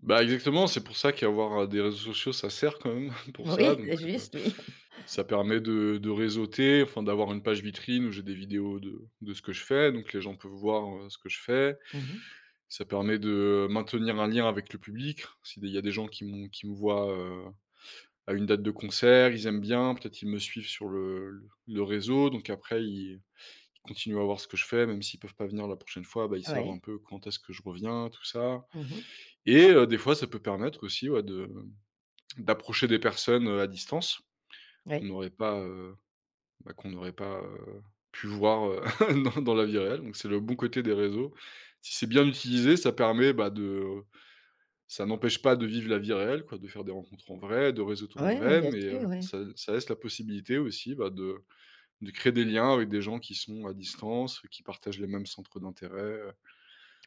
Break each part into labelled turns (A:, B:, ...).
A: Bah, exactement, c'est pour ça qu'avoir des réseaux sociaux ça sert, quand même, pour ça,
B: Oui,
A: donc
B: c'est
A: c'est pas
B: juste, oui.
A: ça permet de de réseauter, enfin, d'avoir une page vitrine où j'ai des vidéos de de ce que je fais, donc les gens peuvent voir, heu, ce que je fais.
B: Mmh mh.
A: Ça permet de maintenir un lien avec le public, si des il y a des gens qui m'ont, qui me voient, heu, à une date de concert, ils aiment bien, peut-être qu'ils me suivent sur le le réseau, donc après ils ils continuent à voir ce que je fais, même s'ils peuvent pas venir la prochaine fois, bah, ils savent
B: Ouais.
A: un peu quand est-ce que je reviens, tout ça.
B: Mmh mh.
A: Et heu, des fois, ça peut permettre aussi, ouais, de d'approcher des personnes, heu, à distance qu'on
B: Oui.
A: n'aurait pas, heu, bah, qu'on n'aurait pas, heu, pu voir, heu, dans dans la vie réelle. Donc c'est le bon côté des réseaux. Si c'est bien utilisé, ça permet, bah, de ça n'empêche pas de vivre la vie réelle, quoi, de faire des rencontres en vrai, de réseauter en
B: Ouais, ouais,
A: vrai,
B: bien
A: mais, heu,
B: sûr, ouais.
A: ça ça laisse la possibilité aussi, bah, de de créer des liens avec des gens qui sont à distance, qui partagent les mêmes centres d'intérêt, heu.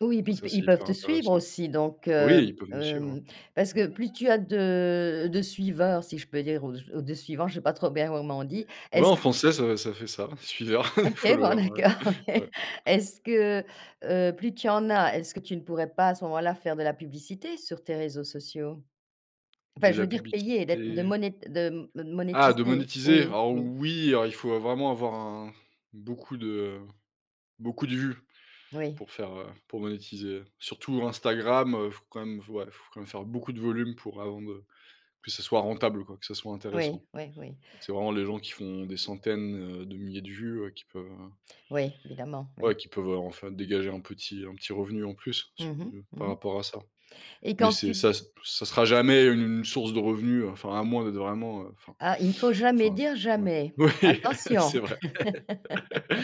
B: Oui, et
A: Donc
B: puis,
A: ça
B: t
A: c'est
B: ils peuvent
A: hyper
B: te suivre,
A: intéressant.
B: aussi? Donc,
A: Oui, et
B: hem,
A: ils peuvent nous suivre.
B: hem, parce que plus tu as de de suiveurs, si je peux dire, ou j ou de suivants, je sais pas trop bien comment on dit.
A: Ouais
B: Est-ce
A: en français, ça ça fait ça, suiveur,
B: OK bon,
A: follower, ouais.
B: d'accord, OK.
A: Ouais.
B: Est-ce que, heu, plus tu en as, est-ce que tu ne pourrais pas à ce moment-là faire de la publicité sur tes réseaux sociaux? Enfin
A: De
B: je
A: la
B: veux dire payer, d'être de
A: publicité.
B: moné de me
A: Ah, de
B: monétiser.
A: monétiser?
B: Oui,
A: Alors
B: oui.
A: oui, alors il faut vraiment avoir un beaucoup de beaucoup de vues,
B: Oui.
A: pour faire, heu pour monétiser, surtout Instagram, heu, faut quand même, f ouais, faut quand même faire beaucoup de volume pour avant de que ce soit rentable, quoi, que ce soit
B: Oui,
A: intéressant.
B: oui, oui.
A: C'est vraiment les gens qui font des centaines, heu, de milliers de vues, heu, qui peuvent, heu
B: Oui, évidemment,
A: ouais,
B: oui.
A: qui peuvent, heu, enfin, dégager un petit un petit revenu en plus, su
B: Mmh mh. Mmh
A: par
B: mh.
A: rapport à ça.
B: Et
A: Mais
B: quand
A: c'est
B: tu d
A: ça ça sera jamais une source de revenus, hein, enfin à moins d'être vraiment, heu enfin
B: Ah, il ne faut jamais
A: enfin
B: dire
A: ouais.
B: «jamais».
A: Oui, c'est
B: Attention!
A: vrai,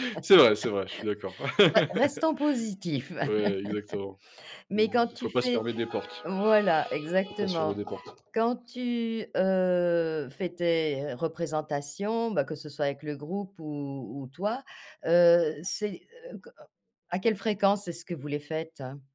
A: c'est vrai, c'est vrai, je suis d'accord.
B: Ça restons positif.
A: Ouais, exactement.
B: Mais quand
A: Faut
B: tu
A: pas se
B: fais
A: fermer des portes,
B: voilà,
A: faut pas se fermer
B: exactement.
A: des portes.
B: Quand tu, heu, fais tes représentations, bah, que ce soit avec le groupe ou ou toi, heu, c'est heu co à quelle fréquence est-ce que vous les faites?